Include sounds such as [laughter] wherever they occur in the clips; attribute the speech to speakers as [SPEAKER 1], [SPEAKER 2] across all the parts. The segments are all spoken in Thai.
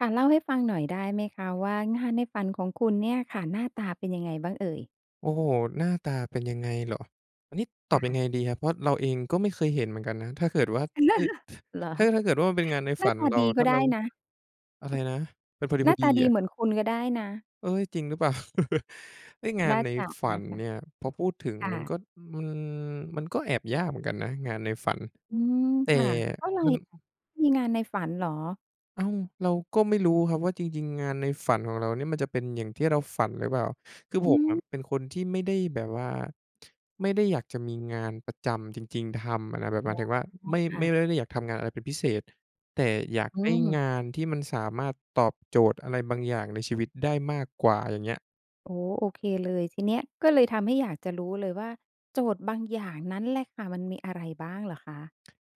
[SPEAKER 1] ค่ะ เล่าให้ฟังหน่อยได้ไหมคะว่างานให้ฝันของคุณเนี่ยค่ะ หน้าตาเป็นยังไงบ้างเอ่ย?
[SPEAKER 2] โอ้โฮ หน้าตาเป็นยังไงเหรอ อันนี้ต
[SPEAKER 1] ค
[SPEAKER 2] อ
[SPEAKER 1] ่
[SPEAKER 2] บยัง
[SPEAKER 1] ะ
[SPEAKER 2] ไงดีครับ เพราะเราเองก็ไม่เคยเห็นเหมือนกันนะ ถ้าเกิดว่า เอ๊ย!
[SPEAKER 1] [laughs] เหรอ
[SPEAKER 2] ถ้า ถ้าเกิดว่ามันเป็นงานใน
[SPEAKER 1] หน
[SPEAKER 2] ฝ
[SPEAKER 1] ้
[SPEAKER 2] ั
[SPEAKER 1] า
[SPEAKER 2] น
[SPEAKER 1] ตา
[SPEAKER 2] เรา
[SPEAKER 1] ดีก
[SPEAKER 2] ถ
[SPEAKER 1] ็
[SPEAKER 2] ้า
[SPEAKER 1] ได
[SPEAKER 2] เร
[SPEAKER 1] ้
[SPEAKER 2] า
[SPEAKER 1] นะ
[SPEAKER 2] อะไรนะ? มันพอ
[SPEAKER 1] หน้าต
[SPEAKER 2] ดี
[SPEAKER 1] า
[SPEAKER 2] ๆ
[SPEAKER 1] ด
[SPEAKER 2] เห
[SPEAKER 1] ี
[SPEAKER 2] รอ?
[SPEAKER 1] เหมือนคุณก็ได้นะ
[SPEAKER 2] เอ๊ย จริงหรือเปล่า [laughs] ไอ้งา
[SPEAKER 1] น่
[SPEAKER 2] น
[SPEAKER 1] า
[SPEAKER 2] ใน
[SPEAKER 1] จะ
[SPEAKER 2] ฝั
[SPEAKER 1] น่
[SPEAKER 2] น
[SPEAKER 1] ะคะ
[SPEAKER 2] เนี่ย พอพูดถึง
[SPEAKER 1] ค่
[SPEAKER 2] มัน
[SPEAKER 1] ะ
[SPEAKER 2] ก็ อือ มันก็แอบยากเหมือนกันนะ งานในฝัน
[SPEAKER 1] อืม
[SPEAKER 2] แต่
[SPEAKER 1] ค่ะ เพราะไร
[SPEAKER 2] มัน
[SPEAKER 1] อะ มีงานในฝันเหรอ?
[SPEAKER 2] อ้าว เราก็ไม่รู้ครับว่าจริง ๆ งานในฝันของเราเนี่ยมันจะเป็นอย่างที่เราฝันหรือเปล่า คือ
[SPEAKER 1] อ
[SPEAKER 2] ผ
[SPEAKER 1] ื
[SPEAKER 2] มอ
[SPEAKER 1] ม
[SPEAKER 2] ะเป็นคนที่ไม่ได้แบบว่า ไม่ได้อยากจะมีงานประจำจริง ๆ ทำอะนะ แบบ
[SPEAKER 1] อ
[SPEAKER 2] หม
[SPEAKER 1] ๋
[SPEAKER 2] าย
[SPEAKER 1] อ
[SPEAKER 2] ถึงว่าไม่
[SPEAKER 1] ค่
[SPEAKER 2] ไม่ ไ
[SPEAKER 1] ะ
[SPEAKER 2] ม่ได้อยากทำงานอะไรเป็นพิเศษ แต่อยาก
[SPEAKER 1] อื
[SPEAKER 2] ได้
[SPEAKER 1] ม
[SPEAKER 2] งานที่มันสามารถตอบโจทย์อะไรบางอย่างในชีวิตได้มากกว่า อย่างเงี้ย
[SPEAKER 1] โอ้โฮ โอเคเลย ทีเนี้ย ก็เลยทำให้อยากจะรู้เลยว่าโจทย์บางอย่างนั้นแหละค่ะ มันมีอะไรบ้างเหรอคะ?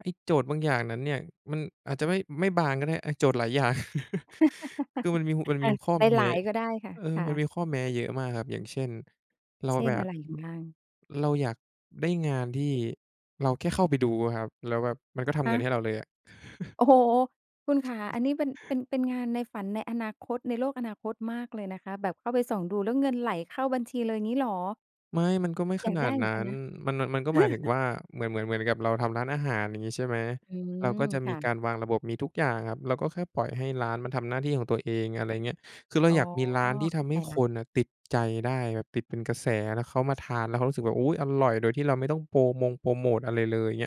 [SPEAKER 2] ไอ้โจทย์บางอย่างนั้นเนี่ย มันอาจจะไม่ ไม่บางก็ได้ อา โจทย์หลายอย่าง [chuckles] คือมันมี ห มัน
[SPEAKER 1] [laughs] อ
[SPEAKER 2] ม
[SPEAKER 1] า
[SPEAKER 2] ีข้อแม
[SPEAKER 1] หล
[SPEAKER 2] ้
[SPEAKER 1] าย ๆ ก็ได้ค่ะ
[SPEAKER 2] เออ
[SPEAKER 1] ค่
[SPEAKER 2] มัน
[SPEAKER 1] ะ
[SPEAKER 2] มีข้อแม้เยอะมากครับ อย่างเช่น เรา
[SPEAKER 1] เช่
[SPEAKER 2] แบ
[SPEAKER 1] น อะ
[SPEAKER 2] บ
[SPEAKER 1] ไรไงบ้าง?
[SPEAKER 2] เราอยากได้งานที่เราแค่เข้าไปดูอะครับ แล้วแบบมันก็ท
[SPEAKER 1] ฮ
[SPEAKER 2] ำเงิ
[SPEAKER 1] ะ
[SPEAKER 2] นให้เราเลยอะ [chuckles]
[SPEAKER 1] โอ้โฮ! คุณขา อันนี้เป็น เป็น เป็นงานในฝันในอนาคต ในโลกอนาคตมากเลยนะคะ แบบเข้าไปส่องดูแล้วเงินไหลเข้าบัญชีเลย อย่างงี้เหรอ?
[SPEAKER 2] ไม่ มันก็ไม่
[SPEAKER 1] อย
[SPEAKER 2] ข
[SPEAKER 1] าก
[SPEAKER 2] นา
[SPEAKER 1] ได้
[SPEAKER 2] ด
[SPEAKER 1] เหมื
[SPEAKER 2] นั
[SPEAKER 1] อน
[SPEAKER 2] ้
[SPEAKER 1] กัน
[SPEAKER 2] น
[SPEAKER 1] นะ
[SPEAKER 2] มัน น มันก็หมายถึง
[SPEAKER 1] [laughs]
[SPEAKER 2] ว่า เหมือน เหมือน เหมือนกับเราทำร้านอาหาร อย่างงี้ใช่ไหม
[SPEAKER 1] อื
[SPEAKER 2] เราก็
[SPEAKER 1] ม
[SPEAKER 2] จะ
[SPEAKER 1] ค
[SPEAKER 2] มี
[SPEAKER 1] ่
[SPEAKER 2] ก
[SPEAKER 1] ะ
[SPEAKER 2] ารวางระบบ มีทุกอย่างครับ เราก็แค่ปล่อยให้ร้านมันทำหน้าที่ของตัวเอง อะไรเงี้ย คือเรา
[SPEAKER 1] อ๋อ
[SPEAKER 2] อยากมีร้านที่
[SPEAKER 1] เ
[SPEAKER 2] ท
[SPEAKER 1] ข้า
[SPEAKER 2] ำใ
[SPEAKER 1] ใจ
[SPEAKER 2] ห้
[SPEAKER 1] แล้
[SPEAKER 2] ค
[SPEAKER 1] ว
[SPEAKER 2] นอะติดใจได้ แบบติดเป็นกระแส แล้วเขามาทานแล้วรู้สึกแบบ "อุ๊ย! อร่อย" โดยที่เราไม่ต้องโปรมงโพรโมตอะไรเลย เงี้ย